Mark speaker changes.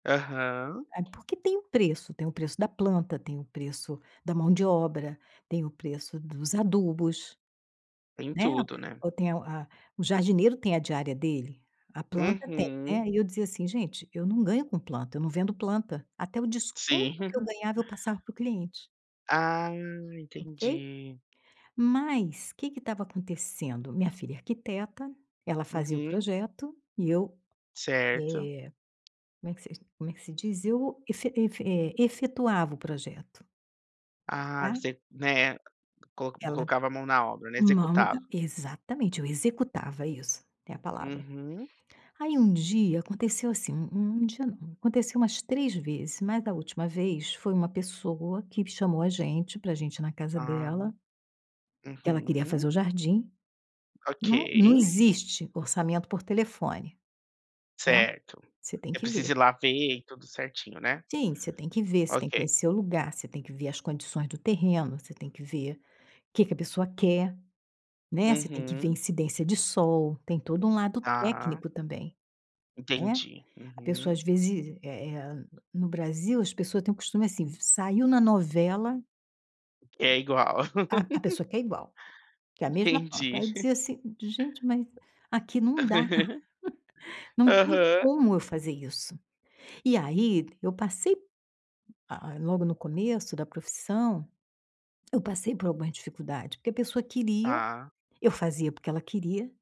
Speaker 1: Aham.
Speaker 2: É, porque tem um preço. Tem o preço da planta. Tem o preço da mão de obra. Tem o preço dos adubos,
Speaker 1: Tem
Speaker 2: né.
Speaker 1: tudo, né?
Speaker 2: Ou tem o a a o jardineiro tem a diária dele. A planta tem
Speaker 1: Uhum.
Speaker 2: né. E eu dizia assim: “Gente, eu não ganho com planta. Eu não vendo planta". Até o desconto
Speaker 1: Sim.
Speaker 2: que eu ganhava eu passava para o cliente.
Speaker 1: Ah,
Speaker 2: Ok?
Speaker 1: entendi.
Speaker 2: Mas que que estava acontecendo? Minha filha é arquiteta. Ela fazia o
Speaker 1: Uhum.
Speaker 2: projeto e eu,
Speaker 1: Certo.
Speaker 2: eh, como é que se como é que se diz? Eu efe efe eh, efetuava o projeto
Speaker 1: Ah,
Speaker 2: tá.
Speaker 1: você, né, colo
Speaker 2: Ela
Speaker 1: colocava a mão na obra, né.
Speaker 2: não.
Speaker 1: Executava.
Speaker 2: Exatamente, eu executava. Isso, é a palavra.
Speaker 1: Uhum.
Speaker 2: Aí, um dia, aconteceu assim. Um um dia não. Aconteceu umas 3 vezes. Mas, da última vez, foi uma pessoa que chamou a gente pra gente ir na casa
Speaker 1: Ah.
Speaker 2: dela. Ela queria
Speaker 1: Uhum.
Speaker 2: fazer o jardim
Speaker 1: Ok.
Speaker 2: Não não existe orçamento por telefone, tá.
Speaker 1: Certo,
Speaker 2: Você tem
Speaker 1: você
Speaker 2: que ver.
Speaker 1: precisa ir lá ver e tudo certinho, né.
Speaker 2: Sim, você tem que ver, você tem que
Speaker 1: Ok.
Speaker 2: conhecer o lugar, você tem que ver as condições do terreno, você tem que ver que que a pessoa quer, né. Você tem que ver
Speaker 1: Uhum.
Speaker 2: incidência de sol. Tem todo um lado
Speaker 1: Tá.
Speaker 2: técnico também, né.
Speaker 1: Entendi,
Speaker 2: A pessoa, às
Speaker 1: uhum.
Speaker 2: vezes, eh eh no Brasil, as pessoas têm o costume, assim: v saiu na novela
Speaker 1: É igual.
Speaker 2: a a pessoa quer igual. Quer é a mesma forma. Então
Speaker 1: Entendi.
Speaker 2: eu dizia assim: “Gente, mas aqui não dá. Não tem
Speaker 1: Aham.
Speaker 2: como eu fazer isso.” E aí eu passei, hã, logo no começo da profissão, eu passei por algumas dificuldades. Porque a pessoa queria.
Speaker 1: Tá.
Speaker 2: Eu fazia porque ela queria.